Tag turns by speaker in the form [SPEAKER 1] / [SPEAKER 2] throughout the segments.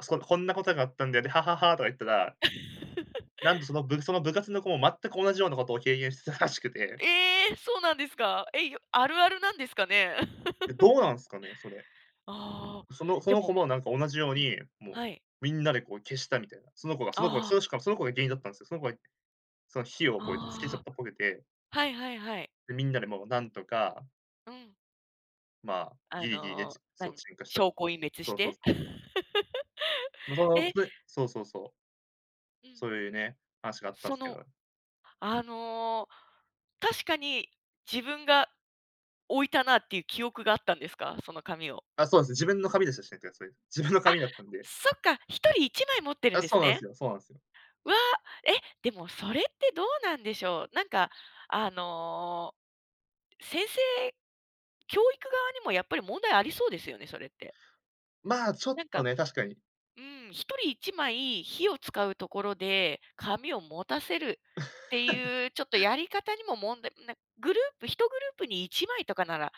[SPEAKER 1] そう「こんなことがあったんだよ、で、ははは」とか言ったら。なんと、そ の部その部活の子も、全く同じようなことを経験してたらしくて。
[SPEAKER 2] ええ、そうなんですか。え、よあるあるなんですかね。
[SPEAKER 1] え、どうなんすかね、それ。
[SPEAKER 2] ああ、
[SPEAKER 1] そのそ
[SPEAKER 2] で
[SPEAKER 1] の子
[SPEAKER 2] も。
[SPEAKER 1] も、なんか同じように、もう、
[SPEAKER 2] はい。
[SPEAKER 1] みんなでこう消したみたいな。その子がその子が
[SPEAKER 2] ああ。
[SPEAKER 1] その、しかもその子が原因だったんすよ。その子がその火をこうやってつけちゃ
[SPEAKER 2] あ
[SPEAKER 1] ったぽくて。
[SPEAKER 2] あ。はいはいはい。
[SPEAKER 1] で、みんなでもうなんとか。
[SPEAKER 2] うん。
[SPEAKER 1] まあ、
[SPEAKER 2] あ
[SPEAKER 1] ぎりぎりで、
[SPEAKER 2] の、
[SPEAKER 1] ちそう、
[SPEAKER 2] 何、
[SPEAKER 1] 鎮火した。
[SPEAKER 2] 証拠隠滅
[SPEAKER 1] そ
[SPEAKER 2] し
[SPEAKER 1] うそう
[SPEAKER 2] て。
[SPEAKER 1] そう。ま、その、
[SPEAKER 2] え。
[SPEAKER 1] それそうそうそう。
[SPEAKER 2] うん。
[SPEAKER 1] そういうね、話があったん
[SPEAKER 2] そ
[SPEAKER 1] すけ
[SPEAKER 2] の、
[SPEAKER 1] ど。
[SPEAKER 2] あの、確かに、自分が、置いたなっていう記憶があったんですか、その紙を。
[SPEAKER 1] あ、そうですね、自分の紙ですしね、自分の
[SPEAKER 2] あ、
[SPEAKER 1] 紙だったんで。
[SPEAKER 2] そっか、1人1枚持ってるん
[SPEAKER 1] あ、
[SPEAKER 2] で
[SPEAKER 1] そ
[SPEAKER 2] す
[SPEAKER 1] うなん
[SPEAKER 2] ね。
[SPEAKER 1] すよ、そうなんす。
[SPEAKER 2] わ、えっ、でも、それってどうなんでしょう？なんか、あの、先生教育側にもやっぱり問題ありそうですよね、それって。
[SPEAKER 1] ま、ちょっ
[SPEAKER 2] なん
[SPEAKER 1] と
[SPEAKER 2] か、
[SPEAKER 1] ね、確かに。
[SPEAKER 2] うん、1人1枚火を使うところで紙を持たせるっていうちょっと やり方にも問題なグループ1グループに1枚とかなら。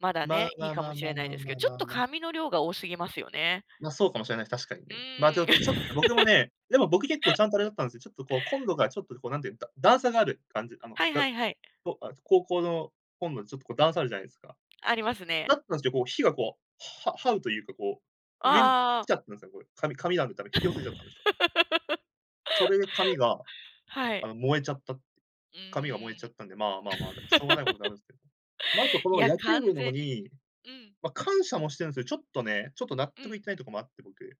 [SPEAKER 2] まだ
[SPEAKER 1] まあ
[SPEAKER 2] ね、い
[SPEAKER 1] ま
[SPEAKER 2] い
[SPEAKER 1] あ
[SPEAKER 2] か
[SPEAKER 1] ま
[SPEAKER 2] も
[SPEAKER 1] あ
[SPEAKER 2] し
[SPEAKER 1] ま
[SPEAKER 2] れ
[SPEAKER 1] あ
[SPEAKER 2] ない
[SPEAKER 1] まあ
[SPEAKER 2] ですけ
[SPEAKER 1] ま
[SPEAKER 2] ど、
[SPEAKER 1] あ
[SPEAKER 2] ちょ
[SPEAKER 1] ま
[SPEAKER 2] っ
[SPEAKER 1] あ、
[SPEAKER 2] と
[SPEAKER 1] ま。
[SPEAKER 2] 紙の量が多すぎますよね。
[SPEAKER 1] ま、そうかもしれないす、確かに
[SPEAKER 2] う
[SPEAKER 1] ね。まあ、ておと、ち
[SPEAKER 2] ーん。
[SPEAKER 1] ょっ僕もね、でも、僕結構ちゃんとあれだったんすよ。ちょっとこう、コン ロがちょっとこうなんていう、だ段差がある感じ、あの、
[SPEAKER 2] はい
[SPEAKER 1] が
[SPEAKER 2] は
[SPEAKER 1] っ
[SPEAKER 2] いはい。
[SPEAKER 1] こああ、ち高校のコンロ、ちょっとこう段差あるじゃないすか。
[SPEAKER 2] ありますね。
[SPEAKER 1] だったんすよ、こう火がこう、は這うというか、こう、上に
[SPEAKER 2] あ
[SPEAKER 1] 来
[SPEAKER 2] あ。
[SPEAKER 1] ちゃったねすね、これ、か紙があるから引き寄せちゃったんでしょ。それで紙が、
[SPEAKER 2] は
[SPEAKER 1] あ
[SPEAKER 2] い。
[SPEAKER 1] の、燃えちゃった。
[SPEAKER 2] うー
[SPEAKER 1] 紙が燃えちゃっ
[SPEAKER 2] ん。
[SPEAKER 1] たんで、まあまあまあ、で、しょうがないことではあるんすけど。ま、あ と、こ
[SPEAKER 2] い
[SPEAKER 1] の
[SPEAKER 2] や、
[SPEAKER 1] 野球
[SPEAKER 2] 完
[SPEAKER 1] 部の子
[SPEAKER 2] 全に。
[SPEAKER 1] に、
[SPEAKER 2] うん。
[SPEAKER 1] ま、感謝もしてるんすよ、ちょっとね、ちょっと納
[SPEAKER 2] う
[SPEAKER 1] 得い
[SPEAKER 2] ん。
[SPEAKER 1] ってないところもあって、僕。